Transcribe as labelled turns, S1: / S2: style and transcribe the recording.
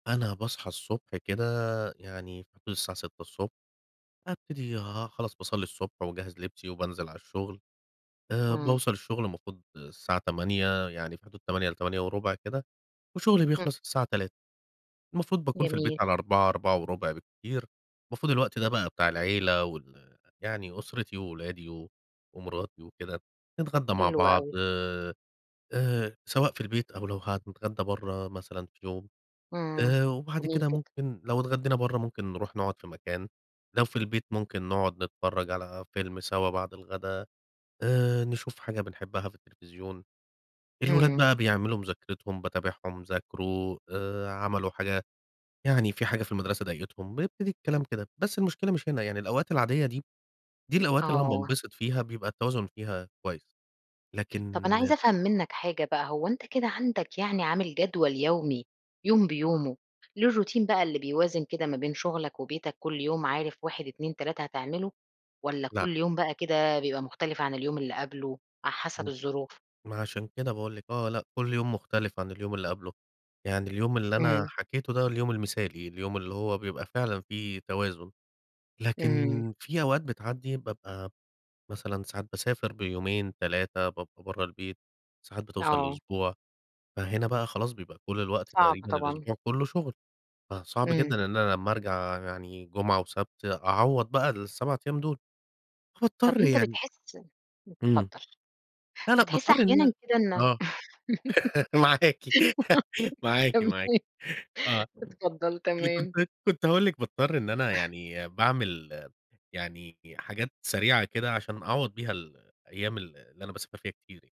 S1: أنا باصحى الصبح كده يعني في حدود الساعة 6:00، ابتدي آآ، خلاص باصلي الصبح وأجهز لبسي وبانزل على الشغل. آآ،
S2: إمم.
S1: باوصل الشغل المفروض الساعة 08:00 يعني في حدود 08:00 ل08:15 كده، وشغلي
S2: [unintelligible]
S1: بيخلص الساعة 15:00 المفروض باكون في البيت
S2: جميل.
S1: على 16:00 16:15 بالكتير. المفروض الوقت ده بقى بتاع العيلة وال يعني أُسرتي وولادي و ومراتي وكده، نتغدى مع
S2: حلو
S1: بعض،
S2: أوي.
S1: آآ آآ، سواء في البيت أو لو هنتغدى برّه مثلًا في يوم.
S2: إمم،
S1: آآ، وبعد
S2: جميل
S1: كده
S2: جدًا.
S1: ممكن لو اتغدينا برّه ممكن نروح نقعد في مكان، لو في البيت ممكن نقعد نتفرج على فيلم سوا بعد الغدا، آآ، نشوف حاجة بنحبها في التلفزيون. الولاد
S2: إمم.
S1: بقى بيعملوا مذاكرتهم، باتابعهم، ذاكروا آآ، عملوا حاجة يعني في حاجة في المدرسة ضايقتهم، بيبتدي الكلام كده. بس المشكلة مش هنا يعني، الأوقات العادية دي، دي الأوقات اللي أنا
S2: آه.
S1: بانبسط فيها، بيبقى التوازن فيها كويس.
S2: طَب، أنا
S1: لكن
S2: عايزة أفهم منك حاجة بقى، هو أنت كده عندك يعني عامل جدول يومي، يوم بيومه، ليه الروتين بقى اللي بيوازن كده ما بين شغلك وبيتك، كل يوم عارف 1، 2، 3 هتعمله، والّا
S1: لأ.
S2: كل يوم بقى كده بيبقى مختلف عن اليوم اللي قبله على حسب
S1: إمم.
S2: الظروف؟
S1: ما عشان كده باقول لِك آه، لأ، كل يوم مختلف عن اليوم اللي قبله. يعني اليوم اللي أنا
S2: إمم.
S1: حكيته ده اليوم المثالي، اليوم اللي هو بيبقى فعلًا في توازن، لكن
S2: إمم.
S1: في أوقات بتعدي بابقى مثلًا ساعات باسافر بيومين، 3 بابقى برّه البيت. ساعات بتوصل
S2: آه.
S1: لأسبوع، فهنا بقى خلاص بيبقى كل الوقت
S2: صعب
S1: تقريبًا
S2: طبعًا.
S1: الأسبوع كله شغل، فصعب
S2: إمم.
S1: جدًا إن أنا لمّا أرجع يعني جمعة وسبت أعوض بقى ال7 أيام دول،
S2: طَب،
S1: هاضطر
S2: أنت
S1: يعني
S2: بتحس
S1: إمم.
S2: اتفضل.
S1: لأ، لأ،
S2: بتحس
S1: باضطر إن
S2: أحيانًا كده إن
S1: آه، معاكِ، معاكِ معاكِ.
S2: تمام
S1: آه،
S2: اتفضل
S1: اللي كنت
S2: تمام.
S1: كنت هاقول لِك باضطر إن أنا يعني باعمل يعني حاجات سريعة كده، عشان أعوض بيها ال الأيام ال اللي أنا باسافر فيها كتير يعني.